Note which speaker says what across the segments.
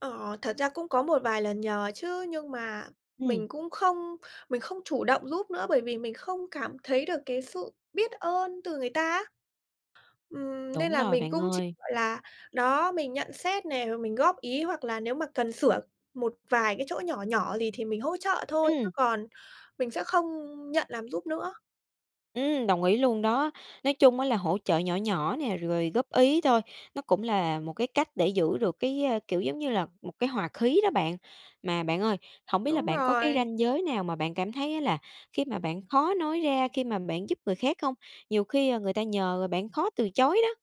Speaker 1: Ờ, thật ra cũng có một vài lần nhờ chứ, nhưng mà
Speaker 2: Ừm.
Speaker 1: mình cũng không mình không chủ động giúp nữa bởi vì mình không cảm thấy được cái sự biết ơn từ người ta á. Ừm, nên
Speaker 2: Đúng
Speaker 1: là
Speaker 2: rồi
Speaker 1: mình
Speaker 2: bạn
Speaker 1: cũng chỉ,
Speaker 2: ơi.
Speaker 1: gọi là, đó, mình nhận xét nè, rồi mình góp ý hoặc là nếu mà cần sửa một vài cái chỗ nhỏ nhỏ gì thì mình hỗ trợ thôi chứ
Speaker 2: Ừm.
Speaker 1: còn mình sẽ không nhận làm giúp nữa.
Speaker 2: Ừm, đồng ý luôn đó. Nói chung á, là hỗ trợ nhỏ nhỏ nè, rồi góp ý thôi, nó cũng là một cái cách để giữ được cái, ơ, kiểu giống như là, một cái hòa khí đó bạn. Mà bạn ơi, hổng biết là
Speaker 1: Đúng
Speaker 2: bạn có cái
Speaker 1: rồi.
Speaker 2: ranh giới nào mà bạn cảm thấy á, là khi mà bạn khó nói ra, khi mà bạn giúp người khác không? Nhiều khi người ta nhờ bạn khó từ chối đó.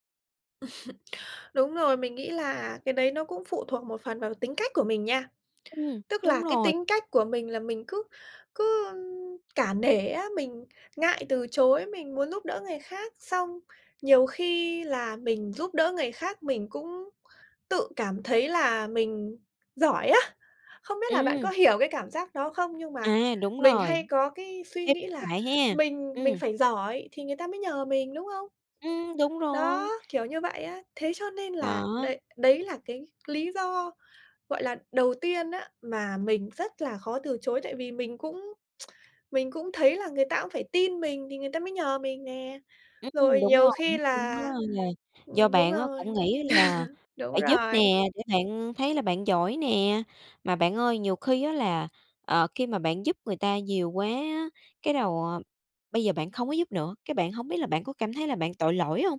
Speaker 1: Đúng rồi, mình nghĩ là cái đấy nó cũng phụ thuộc một phần vào tính cách của mình nha.
Speaker 2: Ừm,
Speaker 1: Tức là
Speaker 2: đúng
Speaker 1: cái
Speaker 2: rồi.
Speaker 1: tính cách của mình là mình cứ cứ cả nể á, mình ngại từ chối, mình muốn giúp đỡ người khác. Xong nhiều khi là mình giúp đỡ người khác mình cũng tự cảm thấy là mình giỏi á! Không biết là bạn
Speaker 2: Ừm.
Speaker 1: có hiểu cái cảm giác đó không nhưng mà
Speaker 2: À, đúng
Speaker 1: mình
Speaker 2: rồi
Speaker 1: hay có cái suy
Speaker 2: [unintelligible]
Speaker 1: nghĩ là
Speaker 2: lại ha,
Speaker 1: mình mình
Speaker 2: ừm.
Speaker 1: phải giỏi thì người ta mới nhờ mình, đúng không?
Speaker 2: Ừm, đúng rồi.
Speaker 1: Đó, kiểu như vậy á. Thế cho nên là
Speaker 2: Đó.
Speaker 1: đấy đấy là cái lý do, gọi là, đầu tiên á, mà mình rất là khó từ chối, tại vì mình cũng mình cũng thấy là người ta cũng phải tin mình thì người ta mới nhờ mình nè.
Speaker 2: Ừm,
Speaker 1: Rồi
Speaker 2: đúng
Speaker 1: nhiều
Speaker 2: rồi.
Speaker 1: khi
Speaker 2: Nói chung á,
Speaker 1: là
Speaker 2: là do
Speaker 1: ừm, đúng
Speaker 2: bạn á,
Speaker 1: rồi,
Speaker 2: cũng nghĩ là
Speaker 1: đúng
Speaker 2: phải giúp
Speaker 1: rồi.
Speaker 2: nè, để bạn thấy là bạn giỏi nè. Mà bạn ơi, nhiều khi á, là, ờ, khi mà bạn giúp người ta nhiều quá á, cái đầu bây giờ bạn không có giúp nữa, cái bạn hông biết là bạn có cảm thấy là bạn tội lỗi hông?